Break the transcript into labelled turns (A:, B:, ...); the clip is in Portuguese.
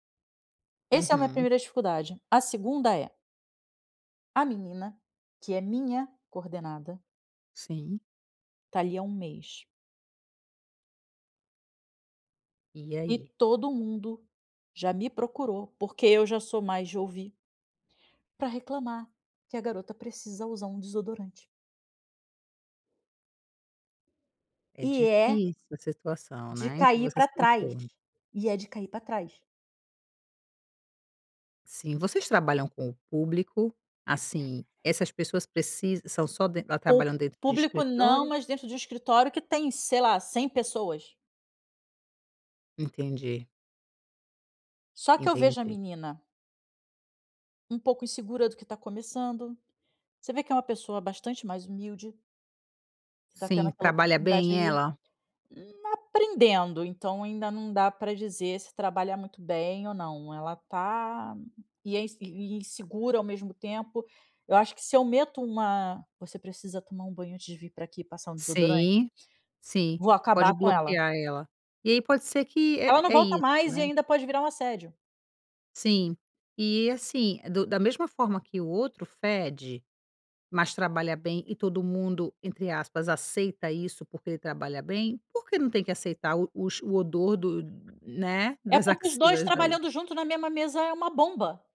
A: Esse é a minha
B: Uhum.
A: primeira dificuldade. A segunda é a menina, que é minha coordenada
B: Sim.
A: tá ali há 1 mês.
B: E
A: E
B: aí?
A: todo mundo já me procurou, porque eu já sou mais de ouvir pra reclamar que a garota precisa usar um desodorante.
B: É
A: E é
B: difícil essa situação,
A: de
B: né, em que
A: cair
B: você
A: pra
B: se
A: trás,
B: encontra.
A: e é de cair pra trás.
B: Sim, vocês trabalham com o público, assim, essas pessoas precisa são só den tá
A: O
B: trabalhando dentro de
A: público não,
B: escritório?
A: mas dentro de um escritório que tem sei lá 100 pessoas.
B: Entendi.
A: Só que eu vejo a
B: Entendi.
A: menina um pouco insegura do que tá começando. Você vê que é uma pessoa bastante mais humilde que tá tendo
B: Sim,
A: aquela
B: trabalha
A: oportunidade
B: bem
A: aí,
B: ela?
A: aprendendo, então ainda não dá pra dizer se trabalha muito bem ou não. Ela tá e é ins insegura ao mesmo tempo. Eu acho que se eu meto uma: "Você precisa tomar um banho antes de vir pra aqui e passar um desodorante."
B: Sim, sim,
A: Vou acabar
B: pode
A: com ela.
B: bloquear ela. E aí pode ser que
A: Ela
B: é
A: não
B: é
A: volta
B: isso,
A: mais e
B: né?
A: ainda pode virar um assédio.
B: Sim. E assim, do da mesma forma que o outro fede, mas trabalha bem e todo mundo entre aspas "aceita isso" porque trabalha bem, por que não tem que aceitar o os o odor do né,
A: É
B: das
A: porque os 2
B: axilas da outra?
A: trabalhando junto na mesma mesa é uma bomba.